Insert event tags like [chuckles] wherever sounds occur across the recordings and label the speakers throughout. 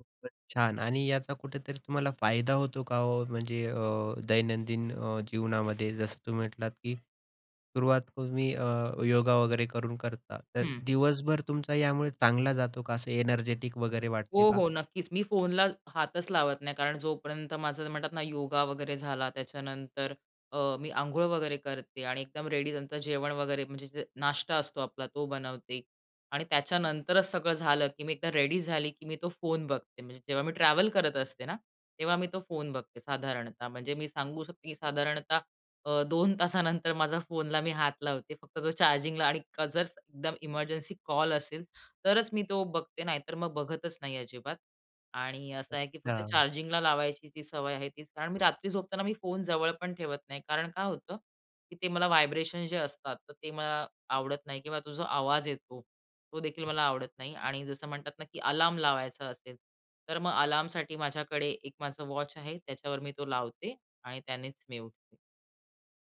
Speaker 1: खूपच छान आणि याचा कुठेतरी तुम्हाला फायदा होतो का हो, म्हणजे अ, दैनंदिन अ, जीवनामध्ये जसं तुम्ही म्हटलात, की सुरुवात तुम्ही अ, योगा वगैरे करून करता. तर
Speaker 2: हं.
Speaker 1: दिवसभर तुमचा यामुळे चांगला जातो का? असं एनर्जेटिक वगैरे
Speaker 2: हो,
Speaker 1: वाटते का?
Speaker 2: हो, नक्कीच, मी फोनला हातच लावत नाही कारण जोपर्यंत माझं म्हणतात ना योगा वगैरे झाला त्याच्यानंतर. अ, मी अंघोळ वगैरे करते आणि एकदम रेडी. नंतर जेवण वगैरे म्हणजे नाश्ता असतो आपला तो बनवते आणि त्याच्यानंतरच सगळं झालं, की मी एकदा रेडी झाली, की मी तो फोन बघते म्हणजे जेव्हा मी ट्रॅव्हल करत असते ना तेव्हा मी तो फोन बघते साधारणतः म्हणजे मी सांगू शकते, की साधारणतः अ, 2 तासानंतर माझा फोनला मी हात लावते. फक्त तो चार्जिंगला आणि जर एकदम इमर्जन्सी कॉल असेल तरच मी तो बघते नाही तर मग बघतच नाही अजिबात आणि असं आहे, की फक्त
Speaker 1: अच्छा.
Speaker 2: चार्जिंगला लावायची ती सवय आहे तीच कारण मी रात्री झोपताना मी फोन जवळ पण ठेवत नाही. कारण काय होतं? की ते मला व्हायब्रेशन जे असतात तर ते मला आवडत नाही किंवा तो जो आवाज येतो, तो देखील मला आवडत नाही आणि जसं म्हणतात ना, की अलार्म लावायचा असेल. तर मग अलार्मसाठी माझ्याकडे एक माझं वॉच आहे त्याच्यावर मी तो लावते आणि त्यानेच मी उठते.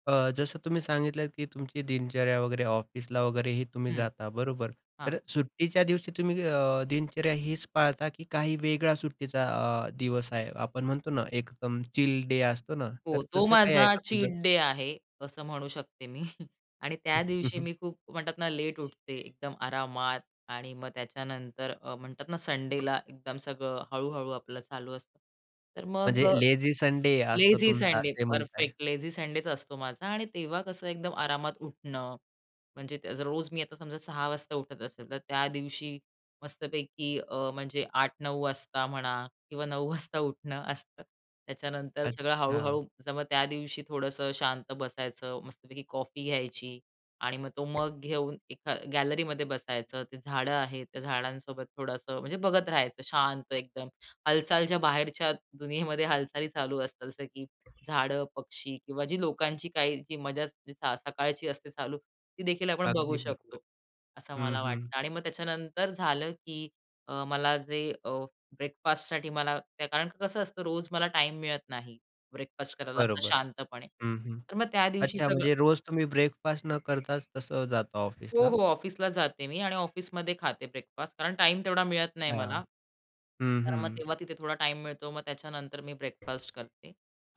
Speaker 1: अ, जसं तुम्ही सांगितलं, की तुमची दिनचर्या वगैरे ऑफिसला वगैरेही तुम्ही
Speaker 2: हं.
Speaker 1: जाता बरोबर.
Speaker 2: हां.
Speaker 1: तर सुट्टीच्या दिवशी तुम्ही अ, दिनचर्या हीच पाळता की काही वेगळा सुट्टीचा अ, दिवस आहे? आपण म्हणतो ना एकदम चिल डे असतो ना.
Speaker 2: हो,
Speaker 1: तर
Speaker 2: तो
Speaker 1: तसं काही आहे
Speaker 2: माझा
Speaker 1: का तुझं?
Speaker 2: चीट डे आहे. असं म्हणू शकते मी [chuckles] आणि
Speaker 1: हं,
Speaker 2: त्या
Speaker 1: हं,
Speaker 2: दिवशी
Speaker 1: हं.
Speaker 2: मी खूप म्हणतात ना लेट उठते एकदम आरामात आणि मग त्याच्यानंतर अ, म्हणतात ना संडेला एकदम सगळं हळू-हळू आपलं चालू असतं. तर मग
Speaker 1: म्हणजे
Speaker 2: अ,
Speaker 1: लेझी संडे असतो
Speaker 2: लेझी
Speaker 1: तुमचा
Speaker 2: संडे
Speaker 1: असेही म्हणताय.
Speaker 2: परफेक्ट लेझी संडेच असतो माझा आणि तेव्हा कसं एकदम आरामात उठणं. म्हणजे रोज मी आता समजा 6:00 वाजता उठत असेल तर त्या दिवशी मस्तपैकी अ, म्हणजे 8:00, 9:00 वाजता म्हणा किंवा 9:00 वाजता उठणं असतं. त्याच्यानंतर सगळं
Speaker 1: अच्छा.
Speaker 2: हळू-हळू मग त्या दिवशी थोडंसं शांत बसायचं, मस्तपैकी कॉफी घ्यायची आणि मग तो मग घेऊन एक अ, गॅलरीमध्ये बसायचं ते झाडं आहेत त्या झाडांसोबत थोडंसं म्हणजे बघत राहायचं शांत एकदम. हालचालच्या बाहेरच्या दुनियेमध्ये हालचाली चालू असतात जसं की झाडं, पक्षी किंवा जी लोकांची काही जी मजा स सकाळची असते चालू, ती देखील आपण बघू
Speaker 1: अगदी बरोबर.
Speaker 2: शकतो. असं
Speaker 1: हं,
Speaker 2: मला
Speaker 1: हं.
Speaker 2: वाटतं आणि मग त्याच्यानंतर झालं की मला जे अ, ब्रेकफास्टसाठी मला कारण की कसं असतं रोज मला टाईम मिळत नाही. ब्रेकफास्ट करायला असं
Speaker 1: बरोबर.
Speaker 2: शांतपणे.
Speaker 1: हं, हं.
Speaker 2: तर मग त्या दिवशी
Speaker 1: अच्छा
Speaker 2: सगळं
Speaker 1: म्हणजे रोज तुम्ही ब्रेकफास्ट न करताच तसं जातो
Speaker 2: हो,
Speaker 1: ऑफिसला.
Speaker 2: हो, ऑफिसला जाते मी आणि ऑफिसमध्ये खाते ब्रेकफास्ट कारण टाईम तेवढा मिळत नाही
Speaker 1: अच्छा.
Speaker 2: मला.
Speaker 1: हं,
Speaker 2: तर
Speaker 1: हं.
Speaker 2: मग तेव्हा तिथे थोडा टाईम मिळतो मग त्याच्यानंतर मी ब्रेकफास्ट करते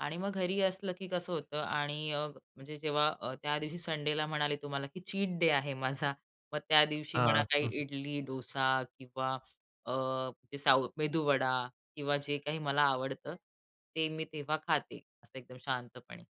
Speaker 2: आणि मग घरी असलं, की कसं होतं आणि अ, म्हणजे जेव्हा अ, त्यादिवशी संडेला म्हणाले तुम्हाला, की चीट डे आहे माझा. मग त्या दिवशी मला
Speaker 1: हां,
Speaker 2: काही
Speaker 1: हं.
Speaker 2: इडली, डोसा किंवा अ, ते साउथ मेदूवडा किंवा जे काही मला आवडतं ते मी तेव्हा खाते असं एकदम शांतपणे.